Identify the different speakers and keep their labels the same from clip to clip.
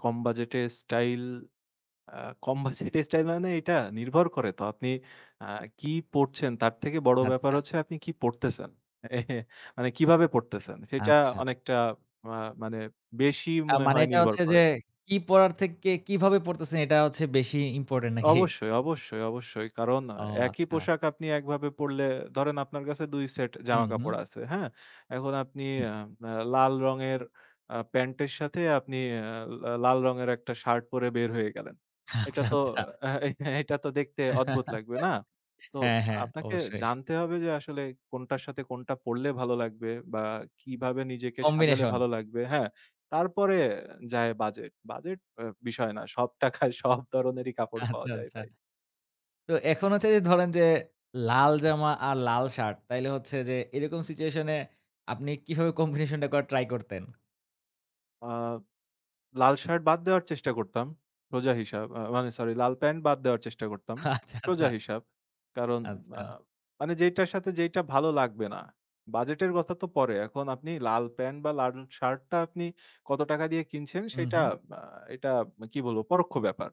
Speaker 1: কম বাজেটের স্টাইল অ্যা কম বাজেটের স্টাইল মানে এটা নির্ভর করে তো। আপনি আ কি পড়ছেন? তার থেকে বড় ব্যাপার
Speaker 2: আচ্ছা।
Speaker 1: হচ্ছে আপনি কি পরতেছেন? মানে কিভাবে পরতেছেন? সেটা
Speaker 2: আচ্ছা।
Speaker 1: অনেকটা অ্যা মানে বেশি
Speaker 2: আ
Speaker 1: মনে
Speaker 2: মানে
Speaker 1: হয়
Speaker 2: এটা
Speaker 1: নির্ভর
Speaker 2: হচ্ছে যে,
Speaker 1: করে।
Speaker 2: কি পরার থেকে, কে কিভাবে পরতেছেন? এটা হচ্ছে বেশি ইম্পোর্টেন্ট। নাকি?
Speaker 1: অবশ্যই, অবশ্যই, অবশ্যই। কারণ আ
Speaker 2: ও
Speaker 1: একই
Speaker 2: আচ্ছা।
Speaker 1: পোশাক আপনি একভাবে পড়লে ধরেন আপনার কাছে ২ সেট
Speaker 2: উহু।
Speaker 1: জামাকাপড় আছে। হ্যাঁ? এখন আপনি
Speaker 2: হু।
Speaker 1: অ্যা অ্যা লাল রঙের আ প্যান্টের সাথে আপনি অ্যা লা লাল রঙের একটা শার্ট পরে বের হয়ে গেলেন। এটা
Speaker 2: আচ্ছা,
Speaker 1: তো
Speaker 2: আচ্ছা।
Speaker 1: এহে অ্যা এটা তো দেখতে অদ্ভুত লাগবে না? তো
Speaker 2: হ্যাঁ, হ্যাঁ।
Speaker 1: আপনাকে
Speaker 2: অবশ্যই।
Speaker 1: জানতে হবে যে আসলে কোনটার সাথে কোনটা পড়লে ভালো লাগবে বা কিভাবে নিজেকে সাজালে
Speaker 2: combination।
Speaker 1: ভালো লাগবে। হ্যাঁ? তারপরে যায় বাজেট। বাজেট অ্যা বিষয় না। সব টাকায় সব ধরনেরই কাপড় পাওয়া
Speaker 2: আচ্ছা,
Speaker 1: যায়
Speaker 2: আচ্ছা।
Speaker 1: ভাই।
Speaker 2: তো এখন হচ্ছে এই যে ধরেন যে, লাল জামা আর লাল শার্ট। তাইলে হচ্ছে যে এরকম সিচুয়েশন এ আপনি কিভাবে combination টা করার ট্রাই করতেন?
Speaker 1: আ লাল শার্ট বাদ দেওয়ার চেষ্টা করতাম। সোজা হিসাব। আ মানে সরি, লাল প্যান্ট বাদ দেওয়ার চেষ্টা করতাম।
Speaker 2: আচ্ছা, আচ্ছা।
Speaker 1: সোজা হিসাব। কারণ আ
Speaker 2: আচ্ছা।
Speaker 1: মানে যেইটার সাথে যেইটা ভালো লাগবে না। বাজেটের কথা তো পরে। এখন আপনি লাল প্যান্ট বা লাল শার্টটা আপনি কত টাকা দিয়ে কিনছেন সেটা
Speaker 2: উহু।
Speaker 1: অ্যা এটা কি বলবো? পরোক্ষ ব্যাপার।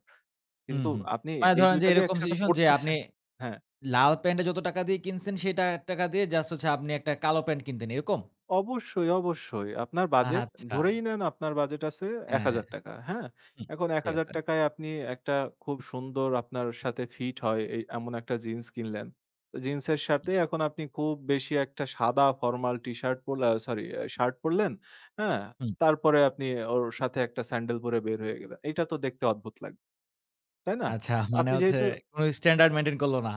Speaker 2: হুম,
Speaker 1: কিন্তু
Speaker 2: হুম।
Speaker 1: আপনি
Speaker 2: মানে
Speaker 1: এই
Speaker 2: ধরেন
Speaker 1: ২
Speaker 2: যে
Speaker 1: টা যে
Speaker 2: এরকম
Speaker 1: একসাথে
Speaker 2: সিচুয়েশন যে, আপনি
Speaker 1: পরতেছেন হ্যাঁ।
Speaker 2: লাল প্যান্ট এ যত টাকা দিয়ে কিনছেন সেই টা টাকা দিয়ে জাস্ট হচ্ছে আপনি একটা কালো প্যান্ট কিনতেন। এরকম?
Speaker 1: অবশ্যই, অবশ্যই। আপনার বাজেট,
Speaker 2: আচ্ছা।
Speaker 1: ধরেই নেন আপনার বাজেট আছে এক
Speaker 2: হ্যাঁ, হ্যাঁ।
Speaker 1: হাজার টাকা। হ্যাঁ?
Speaker 2: হুম।
Speaker 1: এখন এক
Speaker 2: ঠিক
Speaker 1: হাজার
Speaker 2: আছে।
Speaker 1: টাকায় আপনি একটা খুব সুন্দর আপনার সাথে ফিট হয় এই এমন একটা জিন্স কিনলেন। জিন্সের
Speaker 2: হুম।
Speaker 1: সাথে এখন আপনি খুব বেশি একটা সাদা ফরমাল T-Shirt পোলা, সরি অ্যা শার্ট পরলেন। হ্যাঁ?
Speaker 2: হু।
Speaker 1: তারপরে আপনি ওর সাথে একটা স্যান্ডেল পরে বের হয়ে গেলেন। এইটা তো দেখতে অদ্ভুত লাগ তাই না?
Speaker 2: আচ্ছা, মানে
Speaker 1: আপনি
Speaker 2: হচ্ছে
Speaker 1: যেহেতু
Speaker 2: কোন স্ট্যান্ডার্ড মেইনটেইন করল না।